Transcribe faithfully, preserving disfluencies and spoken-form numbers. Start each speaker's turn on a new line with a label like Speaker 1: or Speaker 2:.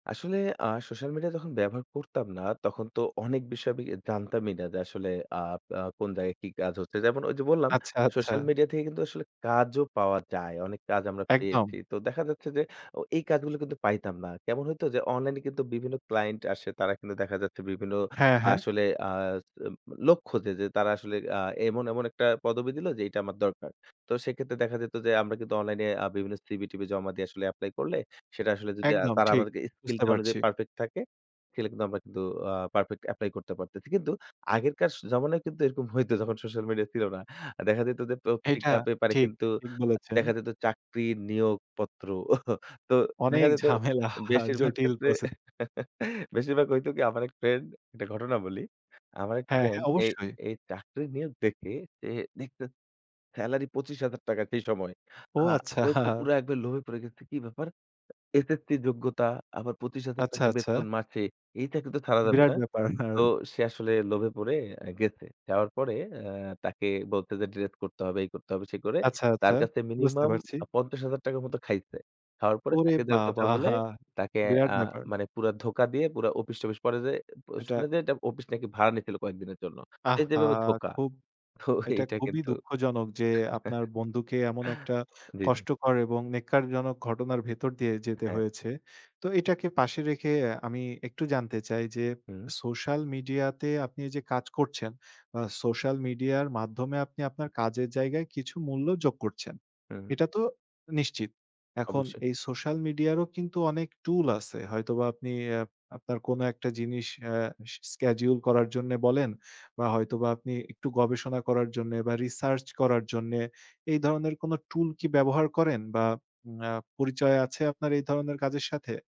Speaker 1: আসলে আ social media যখন ব্যবহার করতাম না, তখন তো অনেক বিষয় বি আমি জানতামই না, যে আসলে আ আ কোন জায়গায় কি কাজ হচ্ছে? যেমন ঐ যে বললাম,
Speaker 2: আচ্ছা, আচ্ছা।
Speaker 1: সোশ্যাল মিডিয়া থেকে কিন্তু আসলে কাজও পাওয়া যায়। অনেক কাজ আমরা
Speaker 2: একদম।
Speaker 1: পেয়েছি। তো দেখা যাচ্ছে যে, অ এই কাজগুলো কিন্তু পাইতাম না। কেমন হইতো? যে, অনলাইনে কিন্তু বিভিন্ন ক্লায়েন্ট আসে তারা কিন্তু দেখা যাচ্ছে বিভিন্ন
Speaker 2: হ্যাঁ, হ্যাঁ।
Speaker 1: আসলে আ উম লক্ষ্য যে, যে তারা আসলে আ এমন, এমন একটা পদবী দিলো যেইটা আমার দরকার। তো সেক্ষেত্রে দেখা যেত যে আমরা কিন্তু অনলাইনে আ বিভিন্ন CV-TV জমা দিয়ে আসলে এপ্লাই করলে, সেটা আসলে যদি আ
Speaker 2: একদম,
Speaker 1: তারা
Speaker 2: ঠিক।
Speaker 1: আমাদেরকে
Speaker 2: বুঝতে
Speaker 1: স্কিলটা অনুযায়ী
Speaker 2: পারছি।
Speaker 1: পারফেক্ট থাকে, সেটা কিন্তু আমরা কিন্তু আ পারফেক্ট এপ্লাই করতে পারতেছি। কিন্তু আগেরকার স জমানায় কিন্তু এরকম হইতো যখন সোশ্যাল মিডিয়া ছিল না। দেখা যেত যে,
Speaker 2: এইটা
Speaker 1: পত্রিকা-পেপারে
Speaker 2: ঠিক,
Speaker 1: কিন্তু
Speaker 2: ঠিক
Speaker 1: আ
Speaker 2: বলেছেন।
Speaker 1: দেখা যেত চাকরি নিয়োগপত্র। তো দেখা
Speaker 2: অনেক
Speaker 1: যেত
Speaker 2: ঝামেলা,
Speaker 1: বেশিরভাগ
Speaker 2: জটিল
Speaker 1: ক্ষেত্রে,
Speaker 2: প্রসে
Speaker 1: বেশিরভাগ হইতো কি? আমার এক ফ্রেন্ড, একটা ঘটনা বলি। আমার এক
Speaker 2: হ্যাঁ,
Speaker 1: ফ্রেন্ড
Speaker 2: হ্যাঁ
Speaker 1: এই
Speaker 2: অবশ্যই।
Speaker 1: এই চাকরি নিয়ে দেখে যে দেখছে সেলারি পঁচিশ হাজার টাকা সেই সময়।
Speaker 2: ও!
Speaker 1: আ ওইতো
Speaker 2: আচ্ছা।
Speaker 1: পুরা একবারে লোভে পড়ে গেছে, কি ব্যাপার? HSC যোগ্যতা আবার পঁচিশ হাজার
Speaker 2: আচ্ছা,
Speaker 1: টাকা
Speaker 2: আচ্ছা।
Speaker 1: বেতন মাসে। এইটা কিন্তু ছাড়া যাবে
Speaker 2: বিরাট
Speaker 1: না।
Speaker 2: ব্যাপার।
Speaker 1: তো সে আসলে লোভে পড়ে আ গেছে, যাওয়ার পরে অ্যা তাকে বলছে যে, ডিরেক্ট করতে হবে, এই করতে হবে সে করে
Speaker 2: আচ্ছা,
Speaker 1: তার
Speaker 2: আচ্ছা।
Speaker 1: কাছে
Speaker 2: বুঝতে
Speaker 1: মিনিমাম
Speaker 2: পারছি।
Speaker 1: আ পঞ্চাশ হাজার টাকা মত খাইছে। খাওয়ার পরে
Speaker 2: ওরে
Speaker 1: চাকরি দেয়ার কথা
Speaker 2: বাবা!
Speaker 1: বলে তাকে
Speaker 2: বিরাট
Speaker 1: আ
Speaker 2: ব্যাপার!
Speaker 1: মানে পুরা ধোঁকা দিয়ে, পুরা অফিস-টফিস পরে যেয়ে অ্যা প
Speaker 2: এটা
Speaker 1: শুনে যে এটা অফিস নাকি ভাড়া নিয়েছিল কয়েকদিনের জন্য। তো এই
Speaker 2: আহহা!
Speaker 1: যেভাবে ধোকা।
Speaker 2: খুব
Speaker 1: তো
Speaker 2: এইটা
Speaker 1: এইটা
Speaker 2: খুবই
Speaker 1: কিন্তু
Speaker 2: দুঃখজনক যে আপনার বন্ধুকে এমন একটা
Speaker 1: জি, জি।
Speaker 2: কষ্টকর এবং নেক্কারজনক ঘটনার ভেতর দিয়ে যেতে
Speaker 1: হ্যাঁ।
Speaker 2: হয়েছে। তো এটাকে পাশে রেখে আমি একটু জানতে চাই, যে
Speaker 1: হু।
Speaker 2: সোশ্যাল মিডিয়াতে আপনি যে কাজ করছেন, বা সোশ্যাল মিডিয়ার মাধ্যমে আপনি আপনার কাজের জায়গায় কিছু মূল্য যোগ করছেন।
Speaker 1: হু, হু।
Speaker 2: এটা তো নিশ্চিত। এখন
Speaker 1: অবশ্যই।
Speaker 2: এই সোশ্যাল মিডিয়ারও কিন্তু অনেক টুল আছে। হয়তোবা আপনি আপ আপনার কোনো একটা জিনিস আ স schedule করার জন্য বলেন বা হয়তোবা আপনি একটু গবেষণা করার জন্যে বা রিসার্চ করার জন্যে, এই ধরনের কোনো টুল কি ব্যবহার করেন বা উম অ্যা পরিচয় আছে আপনার এই ধরনের কাজের সাথে?